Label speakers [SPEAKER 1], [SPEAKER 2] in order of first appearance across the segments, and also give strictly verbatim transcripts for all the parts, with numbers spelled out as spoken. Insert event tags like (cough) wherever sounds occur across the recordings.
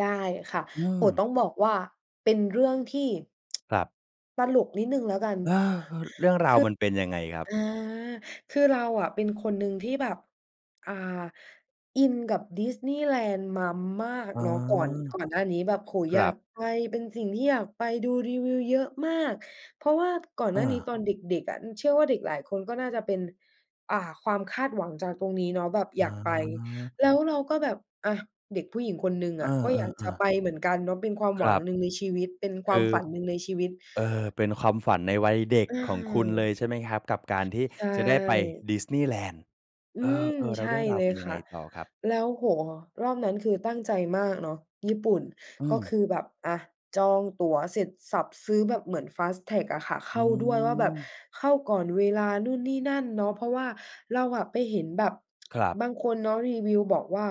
[SPEAKER 1] ได้ค่ะ
[SPEAKER 2] อื
[SPEAKER 1] โอ้โฮ
[SPEAKER 2] ม
[SPEAKER 1] ต้องบอกว่าเป็นเรื่องที่ (tsk)
[SPEAKER 2] ครับ
[SPEAKER 1] ตลกนิดหนึ่งแล้วกัน
[SPEAKER 2] เออ ๆ เรื่องราวมันเป็นยังไงครับ?
[SPEAKER 1] คือ อา คือเราอะเป็นคนหนึ่งที่แบบ อ่า อินกับดิสนีย์แลนด์มามาก
[SPEAKER 2] อ๋อ
[SPEAKER 1] เนาะ ก่อน ก่อนหน้านี้แบบ โอ้โฮ
[SPEAKER 2] ค
[SPEAKER 1] อ
[SPEAKER 2] ร
[SPEAKER 1] ยา
[SPEAKER 2] ั
[SPEAKER 1] ก
[SPEAKER 2] บ
[SPEAKER 1] ไป เป็นสิ่งที่อยากไป ดูรีวิวเยอะมาก เพราะว่าก่อน
[SPEAKER 2] เ
[SPEAKER 1] หน้านี้
[SPEAKER 2] ออ
[SPEAKER 1] ตอนเด็ก ๆ อะ เชื่อว่าเด็กหลายคนก็น่าจะเป็น อ่า ความคาดหวังจากตรงนี้เนาะ แบบ
[SPEAKER 2] เ
[SPEAKER 1] อยากไป
[SPEAKER 2] ออ
[SPEAKER 1] แล้วเราก็แบบ อ่า เด็กผู้หญิงคนหนึ่ง
[SPEAKER 2] เอ
[SPEAKER 1] อะ ก็อยาก
[SPEAKER 2] อ
[SPEAKER 1] จะ
[SPEAKER 2] ๆ
[SPEAKER 1] ไ
[SPEAKER 2] ๆ
[SPEAKER 1] ปเหมือนกันเนาะ เป็นความ
[SPEAKER 2] ค
[SPEAKER 1] หว
[SPEAKER 2] ร
[SPEAKER 1] ัง
[SPEAKER 2] ับ
[SPEAKER 1] หนึ่งในชีวิต เป็นค
[SPEAKER 2] ค
[SPEAKER 1] วา
[SPEAKER 2] ื
[SPEAKER 1] ม
[SPEAKER 2] อ
[SPEAKER 1] ฝันหนึ่งในชีวิต
[SPEAKER 2] เอ่อ เป็นความฝันในวัยเด็ก
[SPEAKER 1] อะ
[SPEAKER 2] ของ
[SPEAKER 1] ฮ
[SPEAKER 2] คุณเล
[SPEAKER 1] ะ
[SPEAKER 2] ย ใช่ไหมครับ กับการที่
[SPEAKER 1] ใช
[SPEAKER 2] จะได้ไป
[SPEAKER 1] ่
[SPEAKER 2] ดิสนีย์แลนด์?
[SPEAKER 1] อื
[SPEAKER 2] เอ
[SPEAKER 1] ม
[SPEAKER 2] อ ๆ แล
[SPEAKER 1] ใ
[SPEAKER 2] ้
[SPEAKER 1] ช
[SPEAKER 2] วเ
[SPEAKER 1] ่
[SPEAKER 2] รื่องรา
[SPEAKER 1] เ
[SPEAKER 2] ว
[SPEAKER 1] ล
[SPEAKER 2] เป
[SPEAKER 1] ย
[SPEAKER 2] ็นยั
[SPEAKER 1] ค
[SPEAKER 2] งไ
[SPEAKER 1] ่
[SPEAKER 2] ง
[SPEAKER 1] ะ
[SPEAKER 2] ต่อครับ?
[SPEAKER 1] แล้ว โอ้โฮ รอบนั้นคือตั้งใจมากเนาะ ญี่ปุ่น
[SPEAKER 2] อื
[SPEAKER 1] ก็
[SPEAKER 2] ม
[SPEAKER 1] คือแบบ อะ จองตั๋วเสร็จสรรพซื้อแบบเหมือน fast track อะค่ะ เข
[SPEAKER 2] อื
[SPEAKER 1] ้าด้วยว่าแบบ
[SPEAKER 2] ม
[SPEAKER 1] เข้าก่อนเวลานู่นนี่นั่นเนาะ เพราะว่าเราอะไปเห็นแบบ
[SPEAKER 2] ครับ
[SPEAKER 1] (tsk) บางคนเนาะรีวิวบอกว่า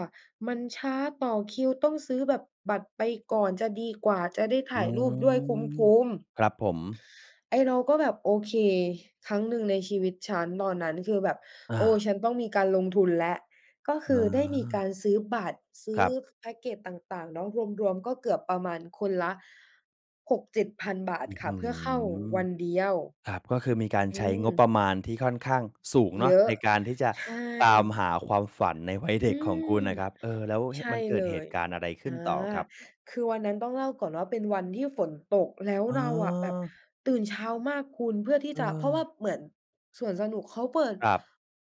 [SPEAKER 1] "มันช้า ต่อคิวต้องซื้อแบบบัตรไปก่อนจะดีกว่า จะได้ถ
[SPEAKER 2] อื
[SPEAKER 1] ่ายรูปด้วยค
[SPEAKER 2] ม
[SPEAKER 1] ุ้ม ๆ"
[SPEAKER 2] ครับผม
[SPEAKER 1] ไอ้เราก็แบบโอเค ครั้งหนึ่งในชีวิตฉัน ตอนนั้นคือแบบ
[SPEAKER 2] อ
[SPEAKER 1] โอ้!
[SPEAKER 2] า
[SPEAKER 1] ฉันต้องมีการลงทุนแล้ว ก็คือได้มีกา
[SPEAKER 2] เออ
[SPEAKER 1] รซื้อบัตร ซื
[SPEAKER 2] ค
[SPEAKER 1] ้
[SPEAKER 2] ร
[SPEAKER 1] อ
[SPEAKER 2] ับ
[SPEAKER 1] แพ็คเกจต่าง ๆ เนาะ รวม ๆ ก็เกือบประมาณคนละ หกเจ็ดพัน บาท
[SPEAKER 2] อื้อ
[SPEAKER 1] ค
[SPEAKER 2] ฮ
[SPEAKER 1] ่ะ
[SPEAKER 2] ื
[SPEAKER 1] เพื่อเข้า
[SPEAKER 2] อ!
[SPEAKER 1] วันเดียว
[SPEAKER 2] ครับ ก็คือมีการ
[SPEAKER 1] อ
[SPEAKER 2] ใ
[SPEAKER 1] ื
[SPEAKER 2] ช้งบปร
[SPEAKER 1] ม
[SPEAKER 2] ะมาณที่ค่อนข้างสูงเน
[SPEAKER 1] เ
[SPEAKER 2] า
[SPEAKER 1] ย
[SPEAKER 2] ะ
[SPEAKER 1] อะ
[SPEAKER 2] ในการที่จะ
[SPEAKER 1] ใช
[SPEAKER 2] ตาม
[SPEAKER 1] ่
[SPEAKER 2] หาความฝันในวัยเ
[SPEAKER 1] อ
[SPEAKER 2] ด
[SPEAKER 1] ื
[SPEAKER 2] ็กของค
[SPEAKER 1] ม
[SPEAKER 2] ุณนะครับ เอ่อ แล้ว
[SPEAKER 1] ใช
[SPEAKER 2] เ
[SPEAKER 1] ่
[SPEAKER 2] ห มันเก
[SPEAKER 1] เ
[SPEAKER 2] ิ
[SPEAKER 1] ล
[SPEAKER 2] ดเห
[SPEAKER 1] ย
[SPEAKER 2] ตุการณ์อะไรข
[SPEAKER 1] อ
[SPEAKER 2] ึ
[SPEAKER 1] า
[SPEAKER 2] ้นต่อครับ?
[SPEAKER 1] คือวันนั้นต้องเล่าก่อนว่าเป็นวันที่ฝนตก แล้ว
[SPEAKER 2] อ๋
[SPEAKER 1] เราอะแบบ
[SPEAKER 2] อ
[SPEAKER 1] ตื่นเช้ามากคุณ เพื่อที่
[SPEAKER 2] เ
[SPEAKER 1] จะ เพราะว่า
[SPEAKER 2] ออ
[SPEAKER 1] เหมือนสวนสนุกเขาเปิด
[SPEAKER 2] ครับ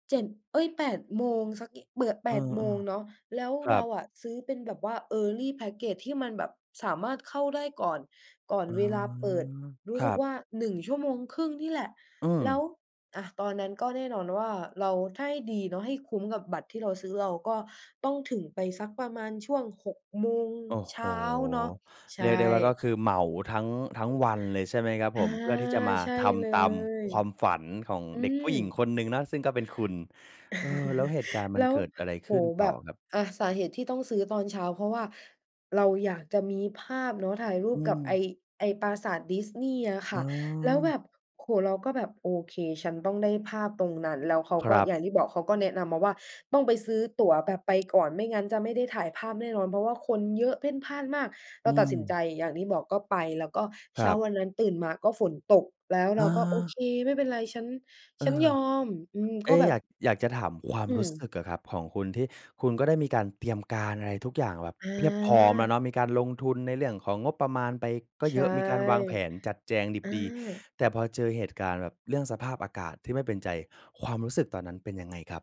[SPEAKER 1] เจ็ด เอ๊ย แปด โมง สัก อ เปิด แ
[SPEAKER 2] เ
[SPEAKER 1] ป
[SPEAKER 2] ออ
[SPEAKER 1] ด โมงเนาะ แล้ว
[SPEAKER 2] ๆ คร
[SPEAKER 1] เร
[SPEAKER 2] ั
[SPEAKER 1] า
[SPEAKER 2] บ
[SPEAKER 1] อะซื้อเป็นแบบว่า early package ที่มันแบบสามารถเข้าได้ก่อน ก่อน
[SPEAKER 2] อ๋อ
[SPEAKER 1] เวลาเปิดรู้
[SPEAKER 2] ค
[SPEAKER 1] ส
[SPEAKER 2] ร
[SPEAKER 1] ึ
[SPEAKER 2] ั
[SPEAKER 1] ก
[SPEAKER 2] บ
[SPEAKER 1] ว่า หนึ่งชั่วโมงครึ่ง นี่แหละ
[SPEAKER 2] อื
[SPEAKER 1] แล้ว
[SPEAKER 2] ม
[SPEAKER 1] อะ ตอนนั้นก็แน่นอนว่า เรา ถ้าให้ดีเนาะ ให้คุ้มกับบัตรที่เราซื้อ เราก็ต้องถึงไปสักประมาณช่วง หก โมง
[SPEAKER 2] โอ้
[SPEAKER 1] เ
[SPEAKER 2] โ
[SPEAKER 1] ช
[SPEAKER 2] ฮ
[SPEAKER 1] ้าเนาะ ใช
[SPEAKER 2] เรียกได้ว่า ก็
[SPEAKER 1] ่
[SPEAKER 2] คือเหมาทั้ง ทั้งวันเลยใช่ไหมครับ
[SPEAKER 1] อ
[SPEAKER 2] ผ
[SPEAKER 1] า
[SPEAKER 2] ม? เพื่อที่จะมา
[SPEAKER 1] ใช่
[SPEAKER 2] ท
[SPEAKER 1] เล
[SPEAKER 2] ำตาม
[SPEAKER 1] ย
[SPEAKER 2] ความฝันของ
[SPEAKER 1] อื
[SPEAKER 2] เด็กผ
[SPEAKER 1] ม
[SPEAKER 2] ู้หญิงคนหนึ่งนะ ซึ่งก็เป็นคุณ เอ่อ แล้วเ
[SPEAKER 1] (chuckles)
[SPEAKER 2] หตุการณ์มั
[SPEAKER 1] แล
[SPEAKER 2] น
[SPEAKER 1] ้ว
[SPEAKER 2] เกิดอะไร
[SPEAKER 1] โอ
[SPEAKER 2] ข
[SPEAKER 1] ้
[SPEAKER 2] ึ้น
[SPEAKER 1] โฮ
[SPEAKER 2] ต
[SPEAKER 1] แ
[SPEAKER 2] ่
[SPEAKER 1] บ
[SPEAKER 2] อ
[SPEAKER 1] บ
[SPEAKER 2] ครับ?
[SPEAKER 1] อะ สาเหตุที่ต้องซื้อตอนเช้า เพราะว่าเราอยากจะมีภาพเนาะ ถ่ายรู
[SPEAKER 2] อื
[SPEAKER 1] ปกับไ
[SPEAKER 2] ม
[SPEAKER 1] อ้ ไอ้ปราสาทดิสนีย์อ่ะค
[SPEAKER 2] อ
[SPEAKER 1] ่
[SPEAKER 2] ๋
[SPEAKER 1] ะ แล้วแบ
[SPEAKER 2] อ
[SPEAKER 1] บ โอ้โฮ เราก็แบบโอเค ฉันต้องได้ภาพตรงนั้น แล้วเขา
[SPEAKER 2] ค
[SPEAKER 1] ก
[SPEAKER 2] ร
[SPEAKER 1] ็
[SPEAKER 2] ั
[SPEAKER 1] อ
[SPEAKER 2] บ
[SPEAKER 1] ย่างที่บอกเขาก็แนะนำมาว่า "ต้องไปซื้อตั๋วแบบไปก่อน ไม่งั้นจะไม่ได้ถ่ายภาพแน่นอน เพราะว่าคนเยอะ เพ่นพ่านมาก" เร
[SPEAKER 2] อื
[SPEAKER 1] าตัดสินใจ
[SPEAKER 2] ม
[SPEAKER 1] อย่างที่บอกก็ไป แล้วก็
[SPEAKER 2] ค
[SPEAKER 1] เช
[SPEAKER 2] ร
[SPEAKER 1] ้า
[SPEAKER 2] ับ
[SPEAKER 1] วันนั้นตื่นมาก็ฝนตก แล้วเร
[SPEAKER 2] อ
[SPEAKER 1] าก็โอเ
[SPEAKER 2] า
[SPEAKER 1] ค ไม่เป็นไร ฉัน
[SPEAKER 2] เอ
[SPEAKER 1] ฉั
[SPEAKER 2] ่
[SPEAKER 1] น
[SPEAKER 2] อ
[SPEAKER 1] ยอม อืม
[SPEAKER 2] เอ
[SPEAKER 1] ก็
[SPEAKER 2] ๊
[SPEAKER 1] แบ
[SPEAKER 2] อ
[SPEAKER 1] บ
[SPEAKER 2] ยาก อยากจะถามควา
[SPEAKER 1] อ
[SPEAKER 2] ม
[SPEAKER 1] ื
[SPEAKER 2] รู้ส
[SPEAKER 1] ม
[SPEAKER 2] ึกอะครับ ของคุณที่คุณก็ได้มีการเตรียมการอะไรทุกอย่างแบบเพียบพร้อมแล้ว
[SPEAKER 1] อา
[SPEAKER 2] เนาะ มีการลงทุนในเรื่องของงบประมาณไปก็
[SPEAKER 1] ใช
[SPEAKER 2] เย
[SPEAKER 1] ่
[SPEAKER 2] อะ มีการวางแผนจัดแจงดิบ
[SPEAKER 1] อ
[SPEAKER 2] ดี
[SPEAKER 1] า
[SPEAKER 2] แต่พอเจอเหตุการณ์แบบเรื่องสภาพอากาศที่ไม่เป็นใจ ความรู้สึกตอนนั้นเป็นยังไงครับ?